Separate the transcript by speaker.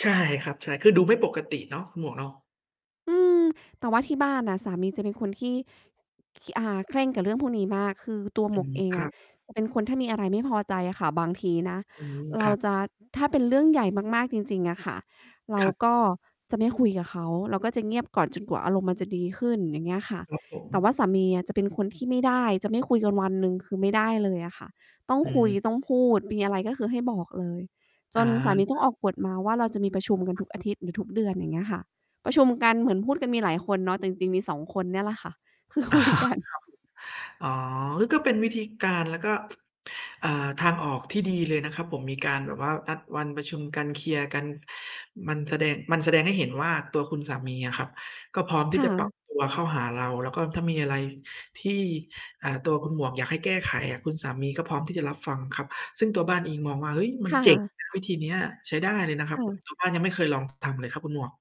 Speaker 1: ใช่ครับ ใช่ คือดูไม่ปกติเนาะ คุณหมวกเนาะ
Speaker 2: อืม แต่ว่าที่บ้านอะ สามีจะเป็นคนที่ คี่ อ่า เคร่งกับเรื่องพวกนี้มาก คือตัว
Speaker 1: อ
Speaker 2: ห
Speaker 1: ื
Speaker 2: มวก
Speaker 1: ม
Speaker 2: เอง
Speaker 1: ค
Speaker 2: อ
Speaker 1: รั
Speaker 2: ะ
Speaker 1: บ
Speaker 2: เป็นคนถ้ามีอะไรไม่พอใจอะค่ะ บางทีนะ
Speaker 1: อืม
Speaker 2: เ
Speaker 1: ค
Speaker 2: รา
Speaker 1: รับ
Speaker 2: จะ ถ้าเป็นเรื่องใหญ่มาก ๆ จริง ๆ อะค่ะ เร
Speaker 1: ค
Speaker 2: า
Speaker 1: รับ
Speaker 2: ก็จะไม่คุยกับเขา เราก็จะเงียบก่อนจนกว่าอารมณ์มันจะดีขึ้น อย่างเงี้ยค่ะ
Speaker 1: ครับผ
Speaker 2: แต่
Speaker 1: ม
Speaker 2: ว่าสามีอะจะเป็นคนที่ไม่ได้ จะไม่คุยกันวันหนึ่ง คือไม่ได้เลยอะค่ะ ต้อง
Speaker 1: อื
Speaker 2: คุย
Speaker 1: ม
Speaker 2: ต้องพูด มีอะไร ก็คือให้บอกเลย จ
Speaker 1: อา
Speaker 2: นสามี
Speaker 1: ค
Speaker 2: ต้อ
Speaker 1: ร
Speaker 2: ง
Speaker 1: ับ
Speaker 2: ออกกฏมาว่า เราจะมีประชุมกัน
Speaker 1: คร
Speaker 2: ท
Speaker 1: ับ
Speaker 2: ุกอาทิตย์ หรือทุกเดือน อย่างเงี้ยค่ะ ประชุมกันเหมือนพูดกันมีหลายคนเนาะ แต่จริง ๆ มี 2 คนเนี่ยแหละค่ะ คือ
Speaker 1: อ๋อ
Speaker 2: คุย
Speaker 1: ครับ
Speaker 2: กัน
Speaker 1: อ๋อ นั่นก็เป็นวิธีการ แล้วก็ อ่า ทางออกที่ดีเลยนะครับผม มีการแบบว่านัดวันประชุมกัน เคลียร์กัน มันแสดง มันแสดงให้เห็นว่า ตัวคุณสามีอะครับ ก็พร้อม
Speaker 2: ค
Speaker 1: ที่
Speaker 2: ่
Speaker 1: จะปรับ
Speaker 2: ะ
Speaker 1: ตัวเข้าหาเรา แล้วก็ถ้ามีอะไรที่ อ่า ตัวคุณหมวกอยากให้แก้ไขอะ คุณสามีก็พร้อมที่จะรับฟังครับ ซึ่งตัวบ้านเองมองว่า เฮ้ย มั
Speaker 2: ค
Speaker 1: น
Speaker 2: ่
Speaker 1: เจ๋ง
Speaker 2: ะ
Speaker 1: นะ วิธีเนี้ย ใช้ได้เลยนะครั
Speaker 2: ค
Speaker 1: บ
Speaker 2: ่
Speaker 1: ผม
Speaker 2: ะ
Speaker 1: ตัวบ้านยังไม่เคยลองทำ เลยครับคุณหมวก